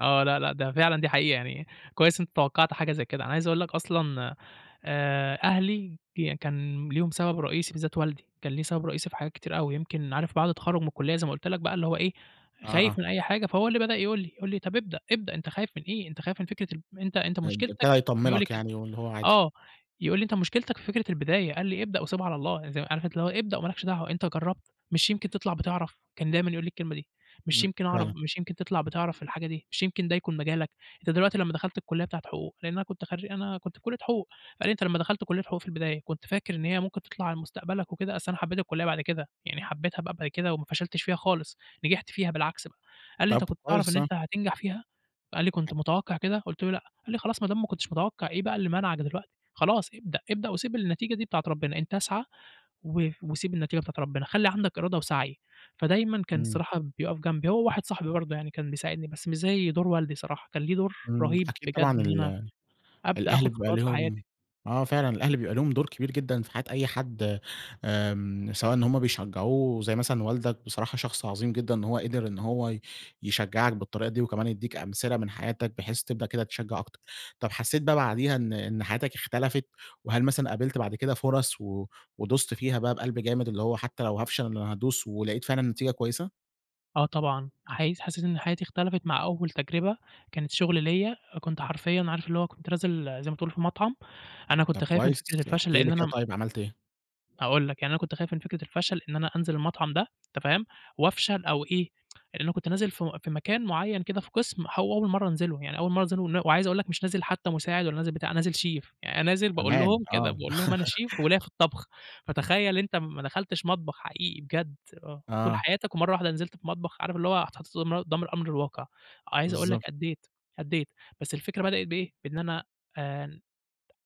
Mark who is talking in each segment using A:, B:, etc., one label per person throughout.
A: آه. لا، لأ ده فعلًا دي حقيقة. يعني كويس أنت توقّعت حاجة زي كده. أنا عايز أقول لك أصلًا، آآ أهلي ي كان ليهم سبب رئيسي بالذات والدي، كان ليه سبب رئيسي في حاجات كتير أوي، يمكن عارف بعد التخرُّج من الكُلّية زي ما قُلت لك بَقى اللي هو إيه،
B: آه.
A: خايف من أي حاجة، فهو اللي بدأ يقول لي، يقول لي: "طَب ابدأ، ابدأ أنت خايف من إيه؟ أنت خايف من فكرة ال أنت أنت
B: ان
A: مُشكلتك" كان
B: ابتدى
A: يقول لي
B: يطمنك
A: كده،
B: يعني واللي هو عادي.
A: آه. يقول لي: "أنت مشكلتك في فكرة البداية." قال لي: "ابدأ وسيبها على الله." يع زي عارف أنت اللي هو "ابدأ وما لكش دعوة، أنت جرّبت؟ مش يمكن تطلع بِتِعرَف؟" كان دايمًا يقول لي الكلمة دي، مش
B: إمم،
A: يمكن أعرف؟
B: فعلًا.
A: "مش يمكن تطلع بِتِعرَف في الحاجة دي؟ مش يمكن ده يكون مجالك؟ أنت دلوقتي لمّا دخلت الكُلّية بتاعة حقوق،" لإن أنا كنت خرّي أنا كنت في كُلّية حقوق، قال لي: "أنت لمّا دخلت كُلّية حقوق في البداية، كنت فاكر إن هي ممكن تطلع على مستقبلك وكده؟" أصل أنا حبّيت الكُلّية بعد كده، يعني حبّيتها بقى بعد كده وما فشلتش فيها خالص، نجحت فيها بالعكس بقى، قال لي: "أنت
B: طَب
A: كنت تعرف
B: كويس،
A: إن
B: آه.
A: أنت هتنجح فيها؟" قال لي:
B: دي
A: "كنت
B: حق
A: متوقّع كده؟" قُلت له: "لأ." قال لي: "خلاص ما دام ما كنتش متوقّع، إيه بقى اللي مانعك دلوقتي؟ خلاص ابدأ، ابدأ وسيب النتيجة دي بتاعة ربنا. أنت اسعَ و وسيب النتيجة بتاعة ربِّنا. خلّي عندك إرادة وسَعي." فدايمًا كان
B: إمم.
A: الصراحة بيقف جنبي، هو وواحد صاحبي برضه يعني كان بيساعدني بس مش زي دور والدي صراحة، كان ليه دور
B: إمم.
A: رهيب
B: أكيد
A: بجد
B: طبعًا
A: إن أنا
B: ال
A: أبدأ
B: الأهل
A: آخُد
B: بيبقى
A: خطوات في حياتي.
B: ليهم آه فعلًا، الأهل بيبقى لهم دور كبير جدًا في حياة أي حد آمم، سواء إن هم بيشجّعوه زي مثلًا والدك، بصراحة شخص عظيم جدًا إن هو قِدِر إن هو ي يشجّعك بالطريقة دي وكمان يدِّيك أمثلة من حياتك بحيث تبدأ كده تشجّع أكتر. طَب حسّيت بَقى بعديها إن إن حياتك اختلفت؟ وهل مثلًا قابلت بعد كده فرص و ودُست فيها بَقى بقلب جامد، اللي هو حتّى لو هافشل أنا هادوس ولقيت فعلًا نتيجة كويسة؟
A: آه طبعًا. حقيس حسّيت إن حياتي اختلفت مع أول تجربة كانت شُغل ليّا، كنت حرفيًا عارف اللي هو كنت نازل زي ما تقول في المطعم، أنا
B: طَب
A: كنت خايف من
B: كويس،
A: فكرة الفشل
B: احكِ
A: لإن
B: لي
A: أنا
B: كده
A: م
B: طيب عملت إيه؟
A: هاقول لك، يعني أنا كنت خايف من فكرة الفشل إن أنا أنزل المطعم ده، أنت فاهم؟ وأفشل أو إيه، لإن كنت نازل في في مكان معيّن كده في قِسْم هو أول مرّة أنزله ون يعني أول مرّة أنزله ون وعايز أقول لك مش نازل حتّى مساعد ولا نازل بتاع، أنا نازل Chef. يعني أنا نازل باقول
B: كمان!
A: لهم كده،
B: آه.
A: باقول لهم: "أنا Chef وليّا في الطبخ." فتخيّل أنت ما دخلتش مطبخ حقيقي بجد، آه، طول
B: آه.
A: حياتك ومرّة واحدة نزلت في مطبخ، عارف اللي هو هتحُط [unintelligible] قُدّام الأمر الواقع. عايز أقول لك
B: بالضبط.
A: أدّيت، أدّيت. بس الفكرة بدأِت بإيه، بإن أنا آآ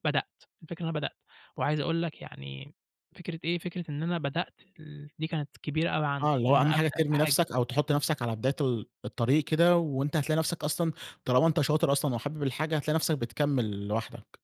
A: بدأت، الفكرة أنا بدأت. وعايز أقول لك يعني فكرة إيه، فكرة إن أنا بدأت ال دي كانت كبيرة أوي
B: آه،
A: عندي،
B: اللي
A: إن
B: هو أهَم
A: أنا أبدأ
B: حاجة
A: في
B: ترمي
A: حاجة.
B: نَفْسك أو تحُط نَفْسك على بداية ال الطريق كده وأنت هتلاقي نَفْسك أصلًا طالما أنت شاطر أصلًا وحابب الحاجة، هتلاقي نَفْسك بتكمّل لوحدك.